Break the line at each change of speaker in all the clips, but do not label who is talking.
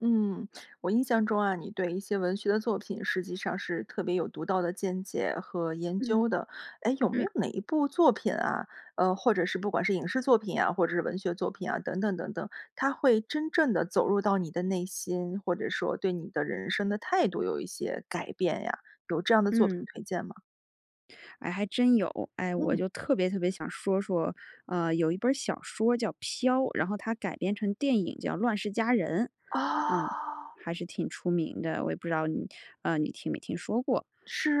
嗯，我印象中啊，你对一些文学的作品实际上是特别有独到的见解和研究
嗯，
的。诶，有没
嗯。
有哪一部作品啊呃，或者是不管是影视作品啊，或者是文学作品啊，等等等等，它会真正地走入到你的内心，或者说对你的人生的态度有一些改变呀，有这样的作品
嗯。
推荐吗？
哎，还真有。哎，我
嗯。
就特别特别想说说啊，呃，有一本儿小说叫《飘》，然后它改编成电影叫《乱世佳人》。啊，
哦。
还是挺出名的，我也不知道你呃，你听没听说过，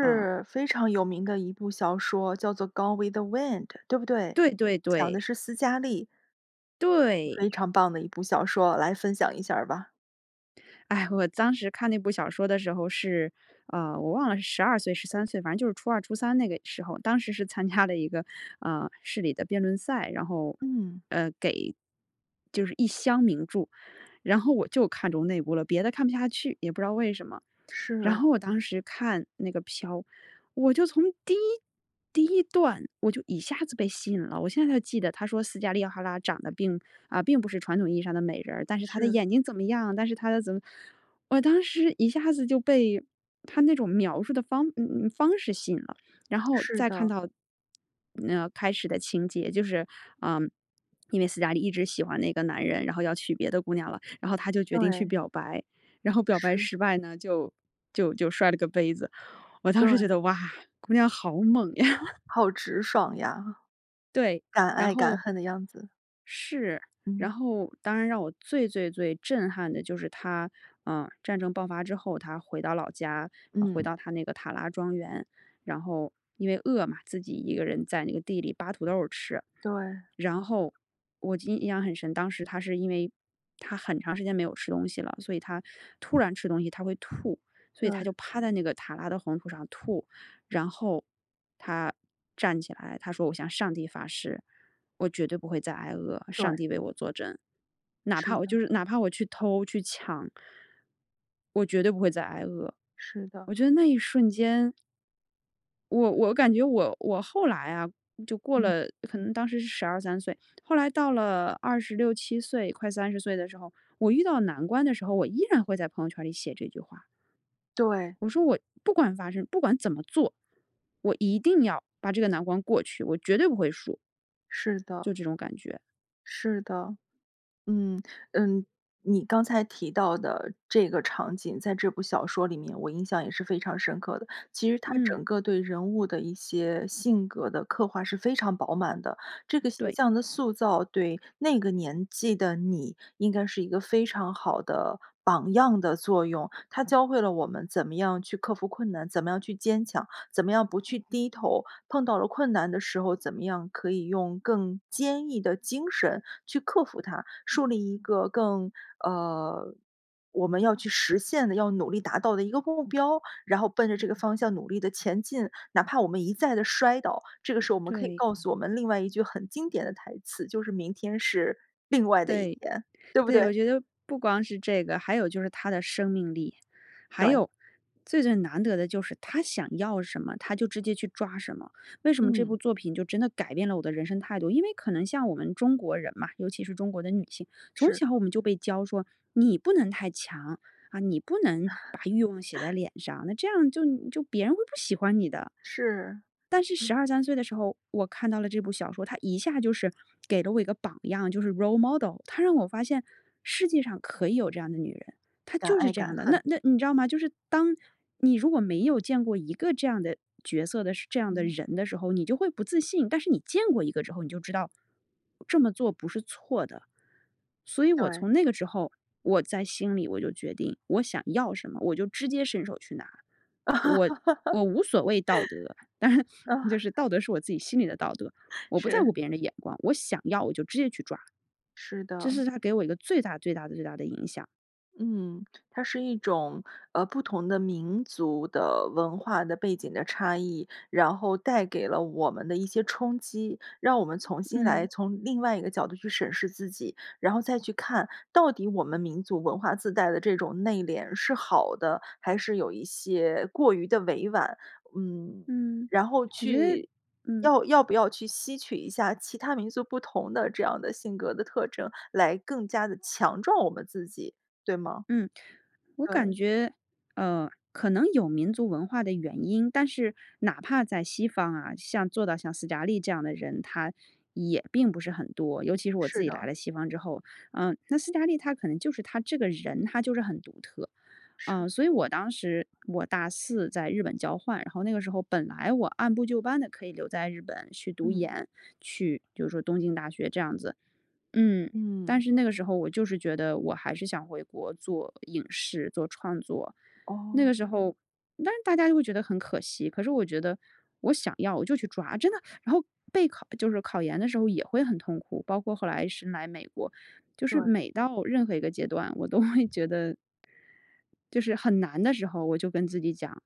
啊。
非常有名的一部小说叫做《Gone with the Wind》对不对？
对，对，
讲的
对。
是思嘉丽。
对。
非常棒的一部小说，来分享一下儿吧。
唉，我当时看那部小说的时候是呃，我忘了是12岁、13岁？反正就是初2、初3那个时候。当时是参加了一个，呃，市里的辩论赛，然后
嗯。
呃，给就是一箱名著，然后我就看中那部了，别的看不下去，也不知道为什么。然
是。
后我当时看那个《飘》，我就从第1第1段我就一下子被吸引了。我现在还记得，它说思嘉丽·塔拉长得并呃，并不是传统意义上的美人儿，但是她的
是。
眼睛怎么样？但是她的怎么我当时一下子就被它那种描述的方嗯嗯，方式吸引了。然后
是
再看
的。
到，呃，开始的情节，就是呃，因为思嘉丽一直喜欢那个男人，然后要娶别的姑娘了，然后她就决定去
对。
表白，然后表白
是。
失败呢，就就就摔了个杯子。我当时觉
对。
得，哇，姑娘好猛呀。
好直爽呀，
对，
敢
然
爱敢
后
恨的样子。
是，
嗯。
然后当然让我最最最震撼的就是她呃，战争爆发之后，她回到老家，回
嗯。
到她那个塔拉庄园。然后因为饿嘛，自己一个人在那个地里扒土豆儿吃。
对。
然后我就印印象很深，当时她是因为她很长时间没有吃东西了，所以她突然吃东西，她会吐，所以她
对。
就趴在那个塔拉的黄土上吐。然后她站起来，她说：“我向上帝发誓，我绝对不会再挨饿，上
对。
帝为我作证。哪
是
怕我就
的。
是哪怕我去偷、去抢我绝对不会再挨饿。”
是的。
我觉得那一瞬间我我感觉我我后来啊，就过
嗯。
了可能当时是12-13岁。后来到了26-27岁，快30岁的时候，我遇到难关的时候，我依然会在朋友圈儿里写这句话。
对。
我说，我不管发生不管怎么做，我一定要把这个难关过去，我绝对不会输。
是的。
就这种感觉。
是的，嗯，呃。你刚才提到的这个场景，在这部小说里面，我印象也是非常深刻的。其实它
嗯。
整个对人物的一些性格的刻画是非常饱满的。这个形
对。
象的塑造对那个年纪的你应该是一个非常好的榜样的作用，它教会了我们怎么样去克服困难，怎么样去坚强，怎么样不去低头。碰到了困难的时候，怎么样可以用更坚毅的精神去克服它，树立一个更呃，我们要去实现的，要努力达到的一个目标，然后奔着这个方向努力地前进，哪怕我们一再的摔倒。这个时候我们可以
对。
告诉我们另外一句很经典的台词，就是：“明天是另外的一
对，
天，”对不对？
对，我觉得不光是这个，还有就是她的生命力，还
对。
有最最难得的就是她想要什么，她就直接去抓什么。为什么这部
嗯。
作品就真的改变了我的人生态度。因为可能像我们中国人嘛，尤其是中国的女性，从
是。
小我们就被教说你不能太强，啊，你不能把欲望写在 脸上。那这样就就别人会不喜欢你的。
是，
但是
嗯。
12-13岁的时候，我看到了这部小说。它一下就是给了我一个榜样。就是 Role model。它让我发现世界上可以有这样的女人，她
敢
就是
爱
这样
敢
的。那
恨。
那你知道吗？就是当你如果没有见过一个这样的角色的时这样的
嗯。
人的时候，你就会不自信。但是你见过一个之后，你就知道，这么做不是错的。所以我
对。
从那个时候，我在心里我就决定我想要什么，我就直接伸手去拿。我我无所谓道德，但是
嗯。
就是道德是我自己心里的道德，我不在
是。
乎别人的眼光。我想要我就直接去抓。
是
这
的。
是它给我一个最大最大最大的影响。
嗯，它是一种，呃，不同的民族的文化的背景的差异，然后带给了我们的一些冲击，让我们重新来
嗯。
从另外一个角度去审视自己，然后再去看到底我们民族文化自带的这种内敛是好的，还是有一些过于地委婉。嗯，
嗯，
然后
我觉得
去
嗯。
要要不要去吸取一下其他民族不同的这样的性格的特征，来更加地强壮我们自己，对吗？
嗯。我感
对。
觉，呃，可能有民族文化的原因，但是哪怕在西方啊，像做到像斯嘉丽这样的人，她也并不是很多，尤其是我自
是
己来
的。
了西方之后。呃，那斯嘉丽她可能就是她这个人，她就是很独特。
是。
呃，所以我当时我大4在日本交换，然后那个时候本来我按部就班地可以留在日本去读
嗯。
研，去就是说东京大学这样子，嗯，但
嗯。
是那个时候我就是觉得我还是想回国做影视、做创作。那
哦。
个时候，当时大家都会觉得很可惜，可是我觉得我想要我就去抓，真的，然后备考就是考研的时候也会很痛苦，包括后来是来美国，就是
对。
每到任何一个阶段，我都会觉得就是很难的时候，我就跟自己讲，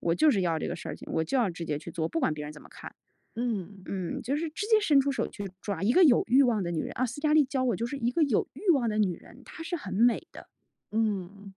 我就是要这个事儿情，我就要直接去做，不管别人怎么看。
嗯。
嗯，就是直接伸出手去抓，一个有欲望的女人啊，斯嘉丽教我就是一个有欲望的女人，她是很美的。
嗯，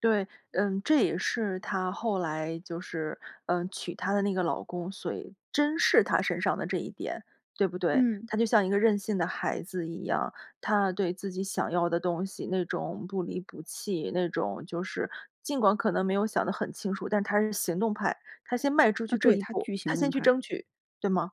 对，嗯，这也是她后来就是，呃，娶她的那个老公，所谓珍视她身上的这一点，对不对？
嗯。
她就像一个任性的孩子一样，她对自己想要的东西，那种不离不弃，那种就是尽管可能没有想得很清楚，但她是行动派，她先迈出
啊，
去这
对，
一
她
步，
巨
她
行动
先去
派。
争取，对吗？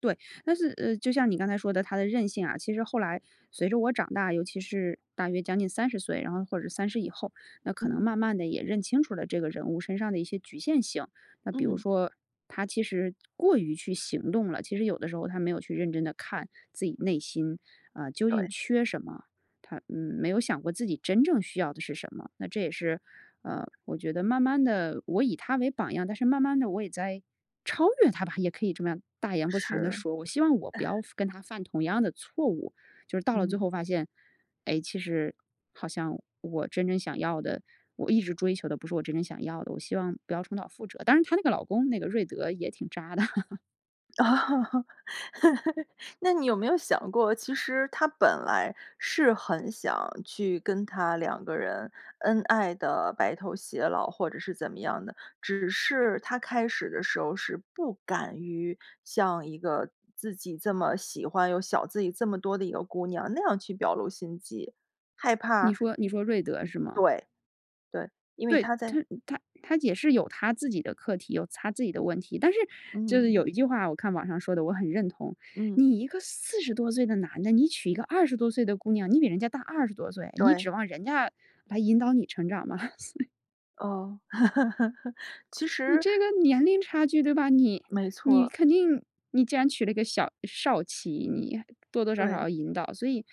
对，但是，呃，就像你刚才说的她的韧性啊，其实后来随着我长大，尤其是大约将近30岁，然后或者30以后，那可能
嗯。
慢慢地也认清楚了这个人物身上的一些局限性。那比如
嗯。
说她其实过于去行动了，其实有的时候她没有去认真地看自己内心，啊，究竟
对。
缺什么？她，嗯，没有想过自己真正需要的是什么。那这也是，呃，我觉得慢慢地我以她为榜样，但是慢慢地我也在超越她吧，也可以这么样大言不惭地
是。
说，我希望我不要 犯跟她犯同样的错误，就是到了最
嗯。
后发现，诶，其实好像我真正想要的，我一直追求的不是我真正想要的，我希望不要重蹈覆辙。但是她那个老公，那个瑞德也挺渣的。
哦，那你有没有想过，其实他本来是很想去跟她两个人恩爱地白头偕老或者是怎么样的，只是他开始的时候是不敢于向一个自己这么喜欢又小自己这么多的一个姑娘那样去表露心迹，害怕
你说你说瑞德是吗？
对，对，因为
对。
他
他
在
他他也是有他自己的课题、有他自己的问题。但是就是
嗯。
有一句话，我看网上说的，我很认同。
嗯。
你一个40多岁的男的，你娶一个20多岁的姑娘，你比人家大二十多岁，你
对。
指望人家来引导你成长吗？所以
哦，其
你
实
这个年龄差距对吧？你
没错
你
儿。
肯定你既然娶了一个小少妻，你多多少少
对。
要引导。所以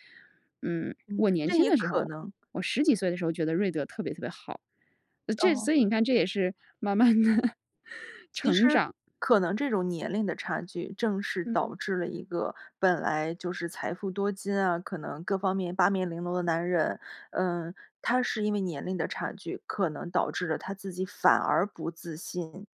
嗯，
嗯，
我年
这
轻
也
的时
可
候
能
我10几岁的时候觉得瑞德特别特别好。啊，这
哦。
所以你看，这也是慢慢地
其实
成长。
可能这种年龄的差距，正是
嗯。
导致了一个本来就是财富多金啊，可能各方面八面玲珑的男人呃，他是因为年龄的差距，可能导致了他自己反而不自信、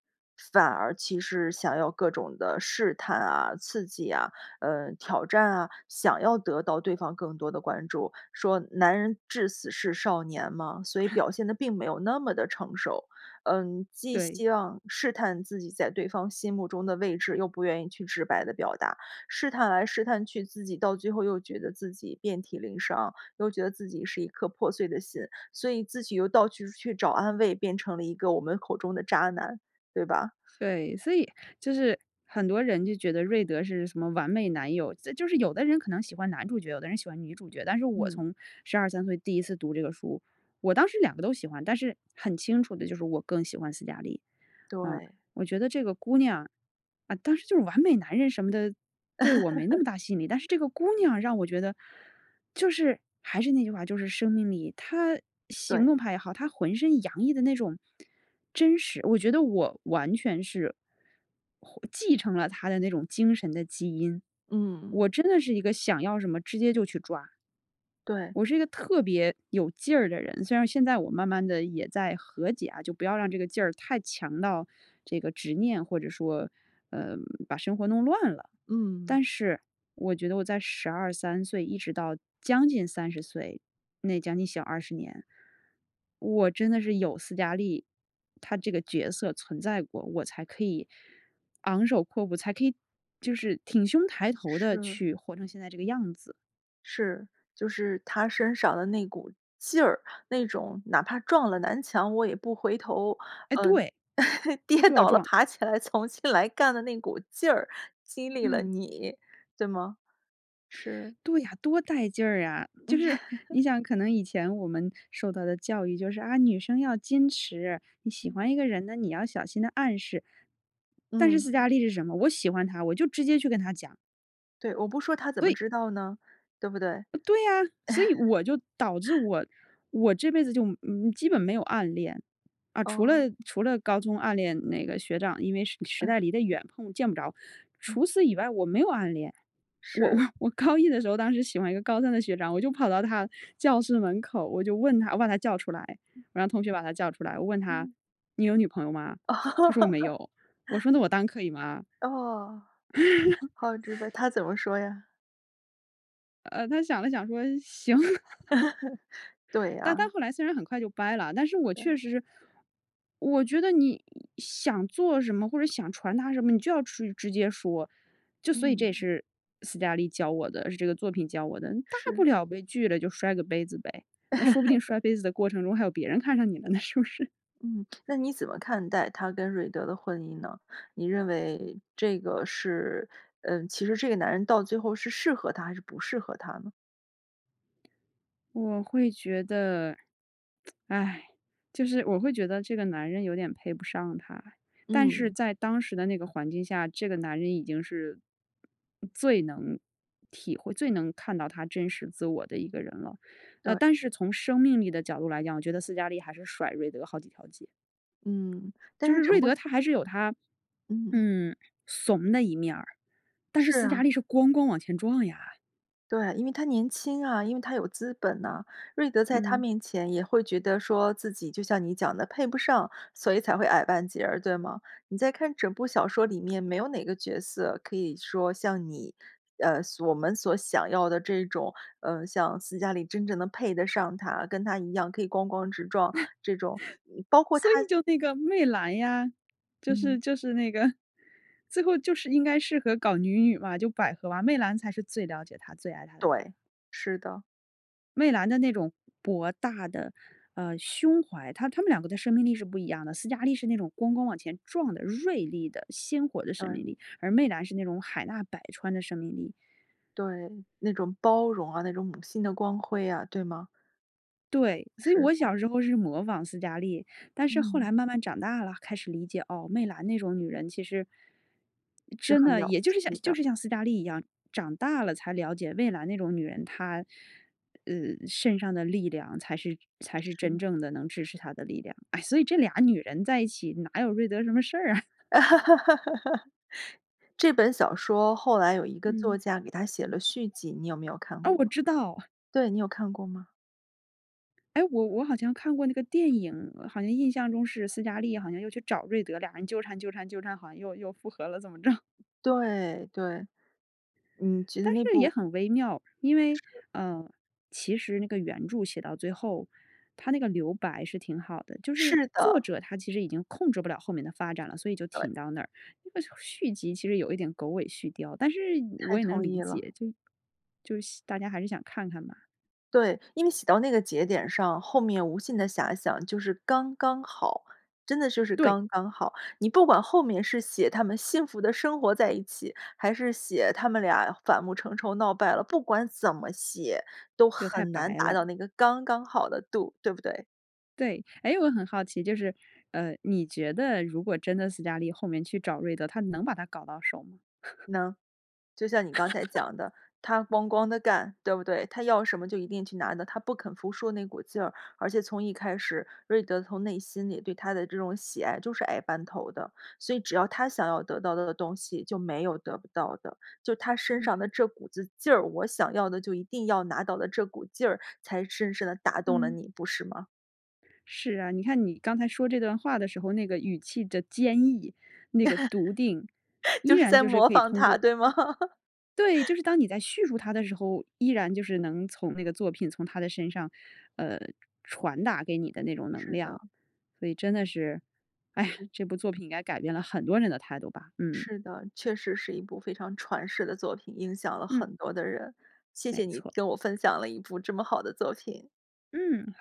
反而其实想要各种的试探啊、刺激啊，呃，挑战啊，想要得到对方更多的关注。说“男人至死是少年”嘛，所以表 现得并没有那么地成熟。嗯，既
对。
希望试探自己在对方心目中的位置，又不愿意去直白地表达，试探来、试探去自己到最后又觉得自己遍体鳞伤，又觉得自己是一颗破碎的心，所以自己又到去处去找安慰，变成了一个我们口中的渣男，对吧？
对，所以就是很多人就觉得瑞德是什么完美男友，这就是有的人可能喜欢男主角，有的人喜欢女主角。但是我
嗯。
从12-13岁第1次读这个书，我当时2个都喜欢，但是很清楚地就是我更喜欢斯嘉丽。啊，
对。
我觉得这个姑娘啊，当时就是完美男人什么的，对我没那 么大吸引力，但是这个姑娘让我觉得就是还是那句话，就是生命力。她行
对。
动派也好，她浑身洋溢的那种真实我觉得我完全是，获继承了她的那种精神的基因。
嗯。
我真的是一个想要什么直接就去抓。
对。
我是一个特别有劲儿的人，虽然现在我慢慢地也在和解啊，就不要让这个劲儿太强到这个执念或者说，呃，把生活弄乱了。
嗯。
但是我觉得我在12-13岁一直到将近30岁，那将近小20年，我真的是有斯嘉丽，她这个角色存在过，我才可以昂首阔步，才可以就是挺胸抬头地
是。
去活成现在这个样子。
是，就是她身上的那股劲儿，那种哪怕撞了南墙，我也不回头，
哎，
呃，
对，
跌
她就要
倒了，
撞。
爬起来重新来干的那股劲儿，激励了
嗯。
你，对吗？是
对呀，多带劲儿啊。就是，你想可能以前我们受到的教育就是，啊，女生要矜持，你喜
嗯。
欢一个人呢，你要小心地暗示。但是
嗯。
斯嘉丽是什么？我喜欢他，我就直接去跟他讲。
对，我不说他怎么
对！
知道呢，对不对？
对呀。所以我就导致 我，我这辈子就，嗯，嗯，基本没有暗恋。啊，除了
哦。
除了高中暗恋那个学长，因为实实
啊。
在离得远，碰见不着。
嗯。
除此以外，我没有暗恋。我我
是。
我高一的时候，当时喜欢一个高三的学长，我就跑到他教室门口，我就问他我把他叫出来，
嗯。
我让同学把他叫出来，我问他：
嗯。
“你有女朋友吗？”他说：“我没有。”我说：“那我当可以吗？”
哦，好直白，他 怎么说呀？
呃，他想了想说：“行。“
对
但但
啊。
后来虽然很快就掰了啊，但是我
对。
确实是我觉得你想做什么、或者想传达什么，你就要去直接说。就所以这也
嗯。
是斯嘉丽教我的，也是这个作品教我的。你大不
是。
了被拒了就摔个杯子呗，那说不定 摔杯子的过程中还有别人看上你了呢，是不是？
嗯，那你怎么看待她跟瑞德的婚姻呢？你认为这个是呃，其实这个男人到最后是适合她还是不适合她呢？
我会觉得 唉，就是我会觉得这个男人有点配不上她。但是
嗯。
在当时的那个环境下，这个男人已经是最能体会最能看到她真实自我的一个人了。呃，
对。
但是从生命力的角度来讲，我觉得斯嘉丽还是甩瑞德好几条街。
嗯，但
就
是
是
整
瑞
部戏
德他还是有他，
嗯。
嗯，怂的一面儿，但是
是
斯嘉
啊。
丽是咣咣往前撞呀。
对，因为她年轻啊，因为她有资本呐。瑞德在她
嗯。
面前也会觉得说自己就像你讲的，配不上，所以才会矮半截儿，对吗？你在看整部小说里面没有哪个角色可以说像你呃，所我们所想要的这种呃，像斯嘉丽真正能配得上她，跟她一样可以咣咣直撞，这种嗯，包括她
所以就那个媚兰呀，就
嗯。
是就是那个 最后就是应该适合搞女女嘛，就百合啊，媚兰才是最了解她、最爱她的人。
对，是的。
媚兰的那种博大的，呃，胸怀她她们两个的生命力是不一样的。斯嘉丽是那种咣咣往前撞的锐利的鲜活的生
嗯。
命力。而媚兰是那种海纳百川的生命力。
对，那种包容啊，那种母性的光辉啊。对吗？
对，所以我
是。
小时候是模仿斯嘉丽。但是后
嗯。
来慢慢长大了，开始理解，哦，媚兰那种女人其实
是
真
很
的，
了不
也就是像
起
就
的。
是像斯嘉丽一样，长大了才了解媚兰那种女人她，呃，身上的力量才是才是真
是。
正的能支持她的力量。哎，所以这俩女人在一起，哪有瑞德什么事儿啊。
这本小说后来有一个作
嗯。
家给它写了续集。你有没有看
啊，
过？
我知道。
对。你有看过吗？
诶，我我好像看过那个电影。好像印象中是斯嘉丽好像又去找瑞德，俩人纠缠纠缠纠缠，好像又又复合了怎么着。
对，对。嗯，觉得
但
那
是也
部
很微妙。因为
是。
呃，其实那个原著写到最后，它那个留白是挺好的。就是
是
作
的。
者她其实已经控制不了后面的发展了，所以就
对。
停到那儿。那个续集其实有一点狗尾续貂。但是
太
我也能
同
理
意了。
解，就就希大家还是想看看嘛。
对，因为写到那个节点上，后面无限的遐想就是刚刚好，真的就是
对。
刚刚好。你不管后面是写他们幸福地生活在一起，还是写他们俩反目成仇闹掰了。不管怎么写，都
就太
很难
白
达
了。
到那个刚刚好的度，对不对？
对。诶，我很好奇，就是，呃，你觉得如果真的斯嘉丽后面去找瑞德，她能把他搞到手吗？
能。就像你刚才 讲的，她哐哐地干，对不对？她要什么就一定去拿的，她不肯服输那股劲儿。而且从一开始，瑞德从内心里对她的这种喜爱就是矮半头的，所以只要她想要得到的东西就没有得不到的。就她身上
嗯。
的这股子劲儿，我想要的就一定要拿到的这股劲儿才深深地打动了
嗯。
你，不是吗？
是啊，你看你刚才说这段话的时候，那个语气的坚毅，那个笃定，依
就是
然
在
就是
模
可以
仿
通
她，
过
对吗？
对，就是当你在叙述她的时候，依然就是能从那个作品从她的身上，呃，传达给你的那种能
是的。
量。所以真
嗯。
的是，唉呀，
嗯。
这部作品应该改变了很多人的态度吧。嗯。
是的，确实是一部非常传世的作品，影响了
嗯。
很多的人。谢
没
谢你
错。
跟我分享了一部这么好的作品。
嗯，好。